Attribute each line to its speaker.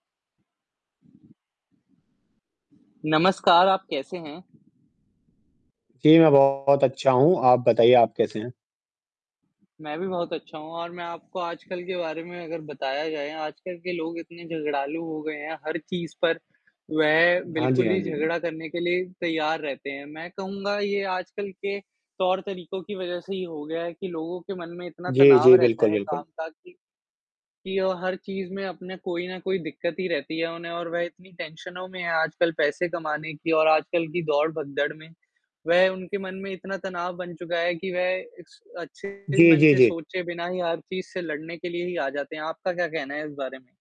Speaker 1: नमस्कार, आप कैसे हैं?
Speaker 2: जी, मैं बहुत अच्छा हूँ, आप बताइए आप कैसे हैं?
Speaker 1: मैं भी बहुत अच्छा हूँ और मैं आपको आजकल के बारे में अगर बताया जाए, आजकल के लोग इतने झगड़ालू हो गए हैं हर चीज़ पर, वह
Speaker 2: हाँ जी,
Speaker 1: बिल्कुल
Speaker 2: हाँ
Speaker 1: ही
Speaker 2: जी।
Speaker 1: झगड़ा करने के लिए तैयार रहते हैं। मैं कहूँगा ये आजकल के, तौर-तरीकों की वज़ह से ये हो गया है कि लोगों के मन में इतना
Speaker 2: जी,
Speaker 1: तनाव
Speaker 2: जी।
Speaker 1: रहता
Speaker 2: बिल्कुल,
Speaker 1: है काम
Speaker 2: बिल्कुल।
Speaker 1: का कि, कि ओ, हर चीज़ में अपने कोई ना कोई दिक्कत ही रहती है उन्हें और वह इतनी टेंशनों में है आजकल पैसे कमाने की और आजकल की दौड़, भगदड़ में। वह उनके मन में इतना तनाव बन चुका है कि वह इस अच्छे
Speaker 2: जी,
Speaker 1: मन
Speaker 2: जी,
Speaker 1: से
Speaker 2: जी।
Speaker 1: सोचे बिना ही हर चीज़ से लड़ने के लिए ही आ जाते हैं। आपका क्या कहना है इस बारे में?